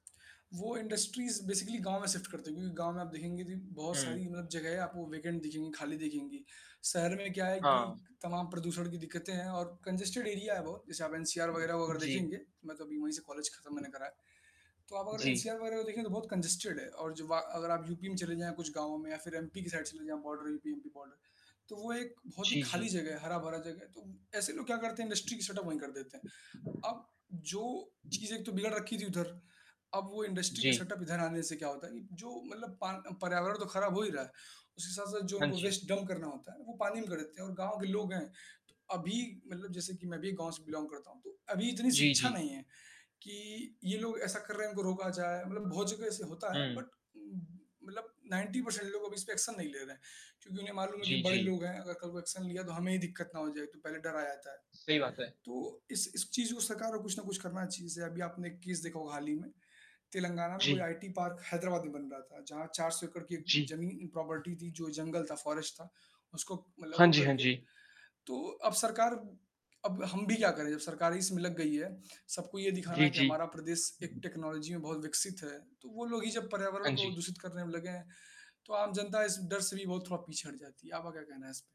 वो industries basically गाँव में शिफ्ट कर देंगे। क्योंकि गाँव में आप देखेंगे जी, बहुत हुँ। सारी मतलब जगहें आप वो वेकेंट देखेंगे, खाली देखेंगी। शहर में क्या है कि हाँ। तमाम प्रदूषण की दिक्कतें हैं और कन्जेस्टेड एरिया है बहुत, जैसे आप एनसीआर वग़ैरह वो उ, अगर जी। देखेंगे, मैं तो अभी वहीं से कॉलेज खत्म मैंने करा है। तो आप अगर जी। एनसीआर वग़ैरह को देखें, तो बहुत कंजस्टेड है और जो वा अगर आप यूपी में चले जाएँ कुछ गाँव में या फिर एमपी की साइड चले जाएँ बॉर्डर यूपी एमपी बॉर्डर तो वो एक बहुत ही जी, खाली जी। जगह है, हरा-भरा जगह है। तो ऐसे लोग क्या करते हैं, इंडस्ट्री की सेटअप वही कर देते हैं। अब जो चीज़ें एक तो बिगड़ रखी थी उधर, अब वो इंडस्ट्री के जी। सेटअप इधर आने से क्या होता है, जो मतलब पा पर्यावरण तो ख़राब हो ही रहा है। उसके साथ-साथ जो हाँ उनको जी। वेस्ट डम्प करना होता है, वो पानी में कर देते हैं और गाँव के लोग हैं। त अभी मतलब जैसे कि मैं भी गाँव से बिलोंग करता हूँ तो, अभी इतनी जी, शिक्षा जी। नहीं है कि ये लोग ऐसा कर रहे हैं, इनको रोका जाए, मतलब बहुत जगह ऐसे होता है हुँ। बट म मतलब 90% लोग अभी इस पे एक्शन नहीं ले रहे हैं। क्योंकि उन्हें मालूम है कि जी, बड़े जी। लोग हैं, अगर कल को एक्शन लिया तो हमें ही दिक्कत ना हो जाए, तो पहले डर आ जाता है। सही बात है। तो इस इस चीज़ को सरकार को कुछ ना कुछ करना चाहिए जैसे अभी आपने केस देखा होगा हाल ही में। तेलंगाना में कोई जी। आईटी पार्क हैदराबाद में बन रहा था जहाँ 400 एकड़ की जी। ज़मीन प्रॉपर्टी थी, जो जंगल था, फॉरेस्ट था, उसको मतलब हाँ वो जी, हाँ करके। जी। तो अब सरकार अब हम भी क्या करें, जब सरकार ही इस में लग गई है, सबको ये दिखाना जी, कि जी। हमारा प्रदेश एक टेक्नोलॉजी में बहुत विकसित है, तो वो लोग ही जब पर्यावरण हाँ को जी। दूषित करने में लगे हैं। तो आम जनता इस डर से भी बहुत थोड़ा पीछे हट जाती है। आपका क्या कहना है इस पे?